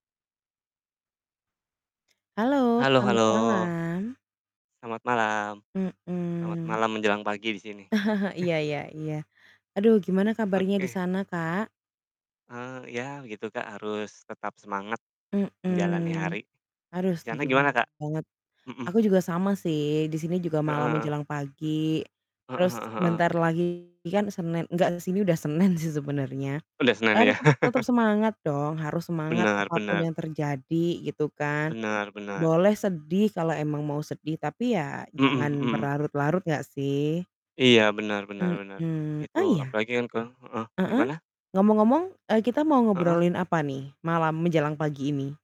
Halo, Halo selamat halo. malam. Selamat malam. Selamat Mhm. malam menjelang pagi di sini. Iya iya iya. Aduh gimana kabarnya di Oke. sana, Kak? Eee, ya begitu Kak, harus tetap semangat menjalani Mhm. hari. Aduh, Di sana setuju gimana, Kak? banget. Mhm. Aku juga sama sih di sini juga Heeh malam heeh. menjelang pagi Heeh heeh terus heeh. sebentar lagi kan Senin nggak di sini udah Senin sih sebenernya. Udah Eee, Senin ya. tetep tetep semangat dong harus semangat Benar apa pun benar. yang terjadi gitu kan, Benar benar. boleh sedih kalau emang mau sedih tapi ya jangan Mhm mhm. berlarut-larut nggak sih. Iya, benar benar benar. Mhm, Itu oh, iya. apalagi yang ke heeh, Heeh, gimana? ngomong-ngomong, eee, kita mau Heeh. ngobrolin apa nih malam menjelang pagi ini?